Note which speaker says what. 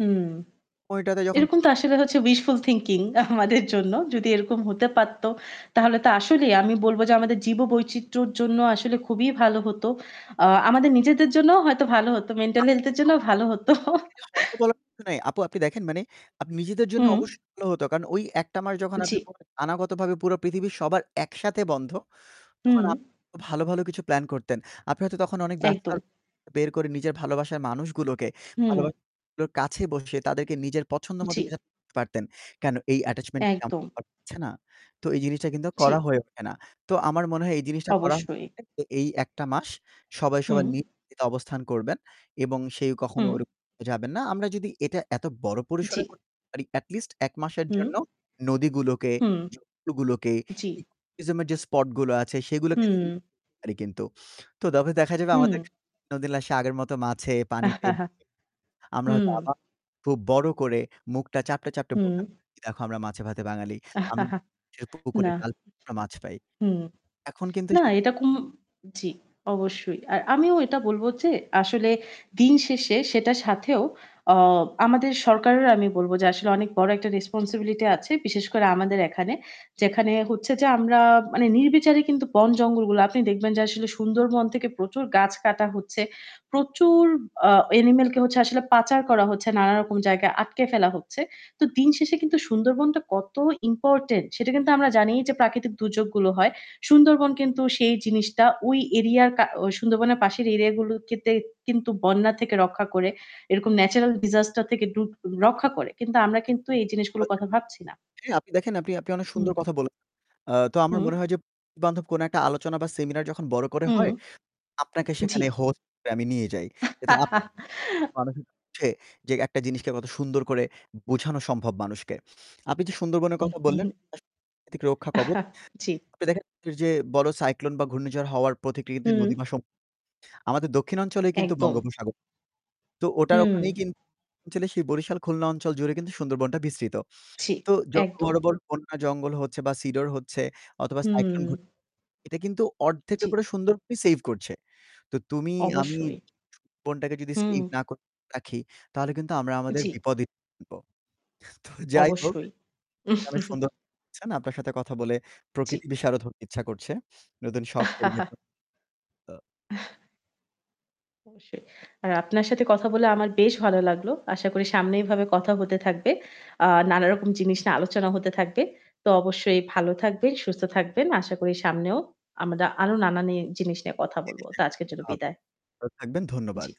Speaker 1: হুম।
Speaker 2: ঐটাতে যখন
Speaker 1: এরকম
Speaker 2: পুরো
Speaker 1: তো আসলে হচ্ছে wishful thinking আমাদের জন্য যদি এরকম হতে পারতো তাহলে তো
Speaker 2: [unintelligible]
Speaker 1: আসলেই আমি বলব যে আমাদের জীব-বৈচিত্রর জন্য আসলে খুবই ভালো হত। আ আমাদের নিজেদের জন্যও হয়তো ভালো হতো। মেন্টাল হেলথ এর
Speaker 2: [unintelligible]
Speaker 1: জন্যও ভালো হত।
Speaker 2: হয়তো বলার কিছু নাই আপু আপনি দেখেন মানে নিজেদের জন্য
Speaker 1: হুম।
Speaker 2: অবশ্যই ভালো হতো কারণ ওই ১টা মাস যখন আপনি
Speaker 1: জি।
Speaker 2: পরে অনাগত ভাবে পুরো পৃথিবীর সবার একসাথে বন্ধ। তখন
Speaker 1: উম
Speaker 2: আপনি ভালো, ভালো কিছু প্ল্যান করতেন। আপনি হয়তো তখন অনেক
Speaker 1: একদম।
Speaker 2: ব্যস্ততার বের করে নিজের ভালোবাসার মানুষগুলোকে
Speaker 1: হুম।
Speaker 2: ভালোবাসার মানুষগুলোর কাছে বসে তাদেরকে নিজের পছন্দ মতো
Speaker 1: জি।
Speaker 2: কিছু পারতেন। কেন এই attachment
Speaker 1: একদম।
Speaker 2: [unintelligible] না। তো এই জিনিসটা কিন্তু করা
Speaker 1: জি।
Speaker 2: হয়ে ওঠে না। তো আমার মনে হয় এই জিনিস করা
Speaker 1: অবশ্যই।
Speaker 2: [unintelligible] এ এই ১ টা মাস সবাই,
Speaker 1: হুম।
Speaker 2: সবার, নিজ ইতে অবস্থান করবেন এবং সেই কখনো
Speaker 1: হুম।
Speaker 2: ওইরকম যাবেন না। আমরা যদি এটা এত বড়
Speaker 1: জি।
Speaker 2: পরিসরে করতে পারি এটি লিস্ট ১ মাসের
Speaker 1: হুম।
Speaker 2: জন্য নদীগুলোকে,
Speaker 1: হুম
Speaker 2: জমিগুলোকে,
Speaker 1: জি।
Speaker 2: eco tourism এর যে স্পট আছে সেগুলোকে সিং
Speaker 1: হুম।
Speaker 2: পারি কিন্তু। তো তবে দেখা যাবে আমাদের
Speaker 1: হুম।
Speaker 2: ক্ষেত্রে নদীনালা সে আগের মতো মাছে পানিতে [unintelligible] আমরা হয়তো
Speaker 1: হুম।
Speaker 2: আবার খুব বড় করে মুখটা চাপটে, চাপটে
Speaker 1: হুম।
Speaker 2: বলতে পারবো যে দেখো আমরা মাছে ভাতে বাঙালি। আমরা মানুষের পুকুরে
Speaker 1: না।
Speaker 2: জাল আমরা মাছ পাই।
Speaker 1: হুম।
Speaker 2: এখন কিন্তু
Speaker 1: না
Speaker 2: সেটা
Speaker 1: এটা কুম জি অবশ্যই। আর আমিও এটা বলব যে আসলে দিন শেষে সেটার সাথেও অ আমাদের সরকারেরও আমি বলব যে আসলে অনেক বড় একটা রেসপনসিবিলিটি আছে, বিশেষ করে আমাদের এখানে। যেখানে হচ্ছে যে আমরা মানে নির্বিচারে কিন্তু বন-জঙ্গলগুলো, আপনি দেখবেন যে আসলে সুন্দরবন থেকে প্রচুর গাছ কাটা হচ্ছে। প্রচুর আ অ্যানিমাল কে আসলে পাচার করা হচ্ছে, নানারকম জায়গায় আটকে ফেলা হচ্ছে। তো দিন শেষে কিন্তু সুন্দরবনটা কত ইম্পোর্টেন্ট। সেটা কিন্তু আমরা জানিই যে প্রাকৃতিক দুর্যোগগুলো হয়। সুন্দরবন কিন্তু সেই জিনিসটা ওই এরিয়া কা সুন্দরবনের পাশের এরিয়াগুলো তে কিন্তু বন্যা থেকে রক্ষা করে এরকম
Speaker 2: [unintelligible]
Speaker 1: natural disaster থেকে ডু রক্ষা করে। কিন্তু আমরা কিন্তু এই জিনিসগুলোর
Speaker 2: [unintelligible]
Speaker 1: কথা ভাবছি না।
Speaker 2: আপনি দেখেন আপনি আপনি অনেক
Speaker 1: হুম,
Speaker 2: সুন্দর
Speaker 1: হুম।
Speaker 2: কথা বললেন আ তো আমার
Speaker 1: হুম।
Speaker 2: মনে হয় যে বন্ধু-বান্ধব কোন একটা আলোচনা বা সেমিনার যখন বড় করে
Speaker 1: হুম।
Speaker 2: হয়। আপনাকে
Speaker 1: জি।
Speaker 2: সেখানে হোস্ট হিসাবে আমি নিয়ে যাই। যেটা [unintelligible] মানুষের হচ্ছে একটা জিনিসকে কত সুন্দর করে বোঝানো সম্ভব মানুষকে। আপনি যে সুন্দরবনের
Speaker 1: হু,
Speaker 2: কথা
Speaker 1: হু,
Speaker 2: বললেন
Speaker 1: হু।
Speaker 2: এটা আসলে প্রাকৃতিক রক্ষা কবচ।
Speaker 1: জি।
Speaker 2: আপনি দেখেন যে বড় সাইক্লোন বা ঘূর্ণিঝড় হওয়ার প্রতিক্রিতে
Speaker 1: হুম।
Speaker 2: নদী বা সমূদ্র। আমাদের দক্ষিণ অঞ্চলেই কিন্তু
Speaker 1: একদম।
Speaker 2: বঙ্গোপসাগর। তো ওটার
Speaker 1: হুম।
Speaker 2: ওখানেই কিন্তু দক্ষিণ অঞ্চলে সেই বরিশাল খুলনা অঞ্চল জুড়ে কিন্তু সুন্দরবনটা বিস্তৃত।
Speaker 1: জি,
Speaker 2: তো যত
Speaker 1: একদম।
Speaker 2: বড়, বড়, বন্যা জঙ্গল হচ্ছে বা সিডোর হচ্ছে অথবা সাইক্লোন ঘটছে
Speaker 1: হুম।
Speaker 2: এটা কিন্তু অর্ধেকটার
Speaker 1: জি।
Speaker 2: উপরে সুন্দরবনই সেইভ করছে। তো তুমি, আমি
Speaker 1: অবশ্যই।
Speaker 2: বনটাকে যদি
Speaker 1: হুম।
Speaker 2: সেইভ না করে রাখি, তাহলে কিন্তু আমরা আমাদের
Speaker 1: জি।
Speaker 2: বিপদই ডেকে আনবো। তো যাই হোক,
Speaker 1: অবশ্যই।
Speaker 2: আপনি অনেক সুন্দর বলেছেন আপনার সাথে কথা বলে
Speaker 1: জি।
Speaker 2: প্রকৃতি বিশারদ হতে ইচ্ছা করছে। নতুন শখ পরিবর্তন। তো
Speaker 1: অবশ্যই। আর আপনার সাথে কথা বলে আমার বেশ ভালো লাগলো। আশা করি সামনে এইভাবে কথা হতে থাকবে। আ নানা রকম জিনিস নিয়ে আলোচনা হতে থাকবে। তো অবশ্যই ভালো থাকবেন, সুস্থ থাকবেন। আশা করি সামনেও আমরা আরও নানান জিনিস নিয়ে কথা বলব। তা আজকের
Speaker 2: [unintelligible]
Speaker 1: জন্য বিদায়।
Speaker 2: ভালো থাকবেন। ধন্যবাদ।
Speaker 1: জ্বী।